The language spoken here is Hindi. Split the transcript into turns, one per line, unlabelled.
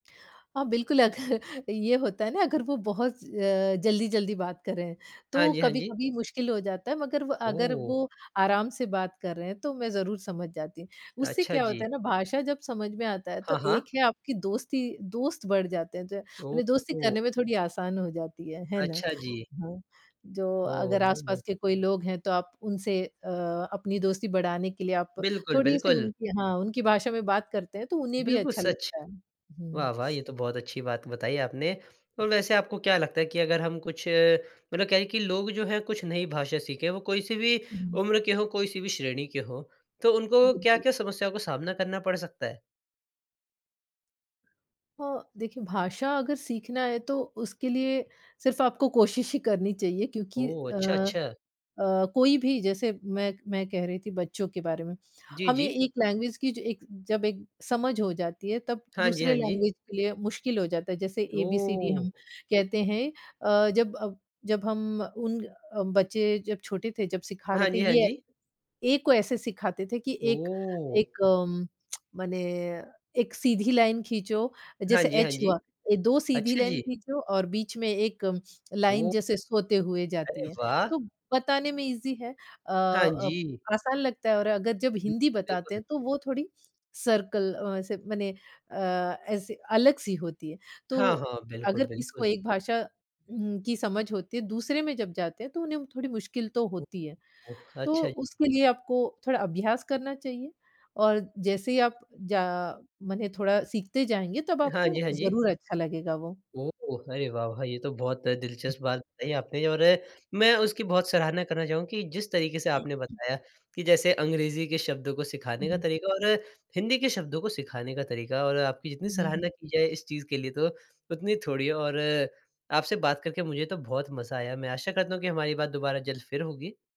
अ, बिल्कुल, अगर ये होता है ना अगर वो बहुत अ, जल्दी-जल्दी बात करें
हाँ
तो
जी, हाँ जी।
कभी-कभी मुश्किल हो जाता है, मगर व अगर वो
ओह!
आराम से बात कर रहे हैं तो मैं ज़रूर समझ जाती। उससे
अच्छा
क्या होता
जी।
है ना भाषा जब समझ में आता है
हाँ,
तो
हाँ।
एक है आपकी दोस्ती दोस्त बढ़ जाते हैं, ज माने दोस्ती
ओह!
करने में थोड़ी आसान हो जाती है, है ना?
अच्छा जी।
हाँ, जो
ओह!
अगर
हुँ, हुँ।
आस-पास के कोई लोग हैं तो आप उनसे अ, अपनी दोस्ती बढ़ाने के लिए आप
बिल्कुल,
थोड़ी सी
बिल्कुल।
उनकी हाँ, उनकी भाषा में बात करते हैं तो उन्हें भी
बिल्कुल
अच्छा
सच।
लगता है, हूँ।
वाह, वाह! ये तो बहुत अच्छी बात बताई आपने, और वैसे आपको क्या लगता है कि अगर हम कुछ मतलब क्या है कि लोग जो हैं कुछ नई भाषा सीखें वो कोई सी भी
हूँ।
उम्र के हो कोई सी भी श्रेणी के हों, तो उनको
बिल्कुल।
क्या-क्या समस्याओं का सामना करना पड़ सकता है?
अ, देखिए भाषा अगर सीखना है तो उसके लिए सिर्फ आपको कोशिश ही करनी चाहिए क्योंकि
ओह! अच्छा,
अ
अच्छा।
अ, कोई भी जैसे मैं मैं कह रही थी बच्चों के बारे में,
जी,
हमें
जी।
एक लैंग्वेज की जो एक जब एक समझ हो जाती है तब
हाँ जी,
दूसरे
हाँ जी।
लैंग्वेज के लिए मुश्किल हो जाता है। जैसे एबीसीडी
ओह!
हम कहते हैं अ, जब अ, जब हम उन बच्चे जब छोटे थे जब सिखा रहे
हाँ
थे
जी, हाँ
ये
जी।
ए, को ऐसे सिखाते थे कि एक
ओह!
एक अम्म, माने 1 सीधी लाइन खींचो
हाँ
जैसे
जी, हाँ
एच
जी।
हुआ, 2 सीधी
अच्छा
लाइन
जी।
खींचो और बीच में 1 लाइन
ओह!
जैसे सोते हुए
अरे
जाती है।
वाह!
तो बताने में ईज़ी है अ
हाँ
अ,
जी।
आसान लगता है और अगर जब
बि
हिंदी बताते
बिल्कुल।
हैं तो वो थोड़ी सर्कल अ, ऐसे माने अ, ऐसे अलग सी होती है। तो
हाँ, हाँ। बिल्कुल,
अगर किसी को
बिल्कुल।
एक भाषा उम्म, की समझ होती है दूसरे में जब जाते हैं तो उन्हें थोड़ी मुश्किल तो
ओ
होती है,
ओ
तो
अच्छा जी।
उसके लिए आपको थोड़ा अभ्यास करना चाहिए और जैसे ही आप ज माने थोड़ा सीखते जाएँगे तब
हाँ
आपको
जी, हाँ जी।
ज़रूर अच्छा लगेगा वो।
ओह, अरे वाह, वाह! ये तो बहुत दिलचस्प बात बताई आपने और मैं उसकी बहुत सराहना करना चाहूँगा कि जिस तरीक़े से आपने बताया कि जैसे अंग्रेजी के शब्दों को
हुँ,
सिखाने का
हुँ।
तरीक़ा और हिंदी के शब्दों को सिखाने का तरीक़ा और आपकी जितनी
हुँ, हुँ, हुँ।
सराहना की जाए इस चीज़ के लिए तो उतनी थोड़ी है और आपसे बात करके मुझे तो बहुत मज़ा आया मैं आशा करता हूँ कि हमारी बात दोबारा जल्द फिर होगी।